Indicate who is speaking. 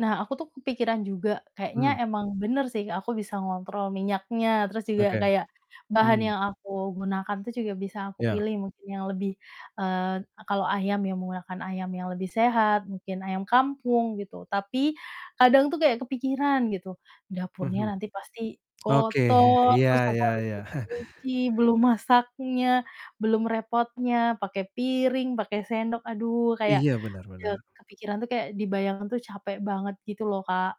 Speaker 1: Nah aku tuh kepikiran juga, kayaknya
Speaker 2: Mmm.
Speaker 1: emang bener sih aku bisa ngontrol minyaknya, terus juga
Speaker 2: Oke.
Speaker 1: kayak bahan
Speaker 2: Hmm.
Speaker 1: yang aku gunakan itu juga bisa aku
Speaker 2: Ya.
Speaker 1: pilih mungkin yang lebih eee, kalau ayam ya menggunakan ayam yang lebih sehat mungkin ayam kampung gitu, tapi kadang tuh kayak kepikiran gitu dapurnya
Speaker 2: Mhm.
Speaker 1: nanti pasti
Speaker 2: Oke,
Speaker 1: kotor
Speaker 2: iya
Speaker 1: terus aku
Speaker 2: iya
Speaker 1: harus
Speaker 2: iya.
Speaker 1: cuci-cuci, belum masaknya, belum repotnya, pake piring, pake sendok, aduh kayak
Speaker 2: Iya, benar
Speaker 1: ya
Speaker 2: benar.
Speaker 1: kepikiran tuh kayak dibayangin tuh capek banget gitu loh, Kak.